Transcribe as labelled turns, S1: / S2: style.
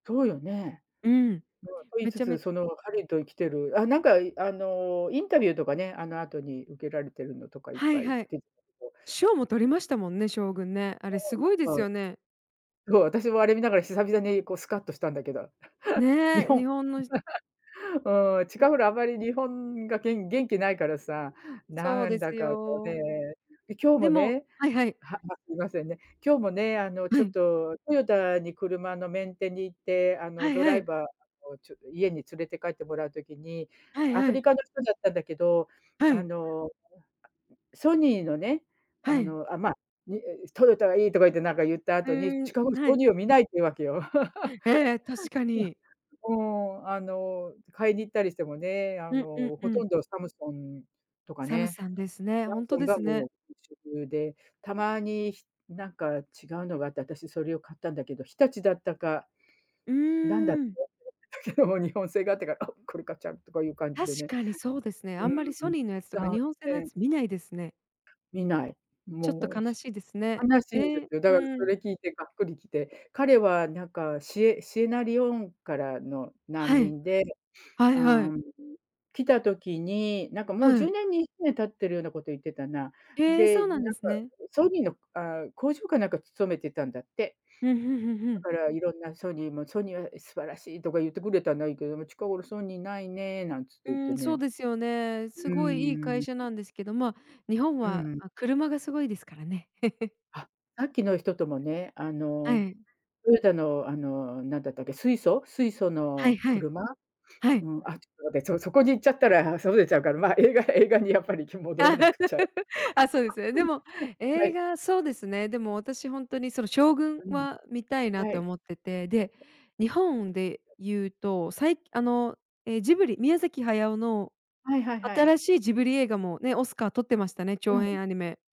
S1: そうよね。
S2: うん、
S1: と言い
S2: め
S1: つ
S2: ちゃ
S1: つ、
S2: めち
S1: その、ハリウッド生きてる、あ、なんか、あの、インタビューとかね、あの後に受けられてるのとかいっ
S2: はい
S1: ぱい
S2: はい。
S1: 出てたけど。え
S2: 賞も取りましたもんね、将軍ね。あれす ごいで
S1: や
S2: す
S1: っぱ、
S2: よね。
S1: そう、私もあれ見ながら久々に、こうスカッとしたんだけど、日
S2: ね、
S1: 本
S2: 日本の
S1: うん、近
S2: よ
S1: 頃あまり日本が、げん元気ないからさ、
S2: そう
S1: な
S2: で
S1: ん
S2: す
S1: だかこうね、
S2: よ。
S1: で、今日
S2: で
S1: も
S2: も
S1: ね
S2: はいはい。
S1: はすいませんね。今日もねあの、
S2: は
S1: ちょっ
S2: い。
S1: とトヨタに車のメンテに行ってあ
S2: は
S1: の
S2: い
S1: ド
S2: は
S1: ライ
S2: い。
S1: バーをちょ家に連れて帰ってもらう時に、
S2: はい
S1: ア
S2: は
S1: フリ
S2: い。
S1: カの人だったんだけど、
S2: は
S1: あ
S2: い。
S1: の、ソニーのね、
S2: は
S1: あ
S2: い。
S1: のあまにトヨタがいいとか言ってなんか言った
S2: う
S1: 後に、
S2: ん、
S1: 近頃
S2: は
S1: ソ
S2: い。
S1: ニーを見ないっていうわけよ。
S2: ええ、確かに。
S1: いや、もう、あの、買いに行ったりしてもね、あ
S2: うんうん
S1: の、
S2: う
S1: ほと
S2: ん。
S1: んどサムソンとか
S2: サム
S1: ね、
S2: サンですね。
S1: サム
S2: 本当
S1: ソン
S2: で
S1: が
S2: すね。
S1: もう一色で、たまにしなんか違うのがあって、私それを買ったんだけど、日立だったか、
S2: う
S1: なんだっ
S2: ん。
S1: て。けど日本製があってから、あ、これ買っちゃうとかいう感じ
S2: 確
S1: でね。
S2: かにそうですね。
S1: う
S2: あんまりソ
S1: ーん、
S2: ニーのやつと
S1: そ
S2: か
S1: う、
S2: 日本製のや つ見ないですね。
S1: 見ない。
S2: ちょっと
S1: もう
S2: 悲
S1: し
S2: しいですね。
S1: 悲しいんで
S2: ええ、
S1: すよ。だ
S2: う
S1: からそ
S2: ん。
S1: れ聞いてがっくりきて、彼はなんか、シエシエラレオネからの難
S2: はい、
S1: 民で、
S2: はいは
S1: あ
S2: い。
S1: あ、来た時に、なんかもう
S2: は
S1: じゅう
S2: い。
S1: ねんにじゅうねん経ってるようなこと言ってたな。
S2: へえ、そ
S1: で、
S2: う
S1: な
S2: な
S1: んか、
S2: んですね。
S1: ソニーのああ、工場かなんか勤めてたんだって
S2: うんうんうんう
S1: だ
S2: ん。
S1: から色んなソニーも、ソニーは素晴らしいとか言ってくれたのはいいけれども、近頃ソニーないね、なんつって
S2: う
S1: 言って
S2: ん、そう
S1: ね。
S2: ですよね。
S1: う
S2: すごいいい会
S1: ん。
S2: 社なんですけど、ま、日本
S1: う
S2: は、
S1: ん。
S2: あ車がすごいですからね。
S1: あ、さっきの人ともね、あ
S2: は
S1: の、
S2: い。
S1: トヨタの、あの、なんだったっけ、水素水素
S2: は
S1: の
S2: いはい。
S1: 車？
S2: はい。
S1: うん。そそこに行っちゃったら外れちゃうから、まあ、映画映画にやっぱり戻らなくちゃ。
S2: あ、そうですね。で も、
S1: は
S2: 映
S1: い。
S2: 画そうですね。でも私、本当にその将軍
S1: うん、
S2: は見たいな
S1: は
S2: と
S1: い。
S2: 思ってて、で、日本で 言うと、さいあの、え、ジブリ宮崎駿の
S1: はいはいはい。
S2: 新しいジブリ映画もね、オスカー取ってましたね、
S1: う
S2: 長
S1: ん。
S2: 編アニメ。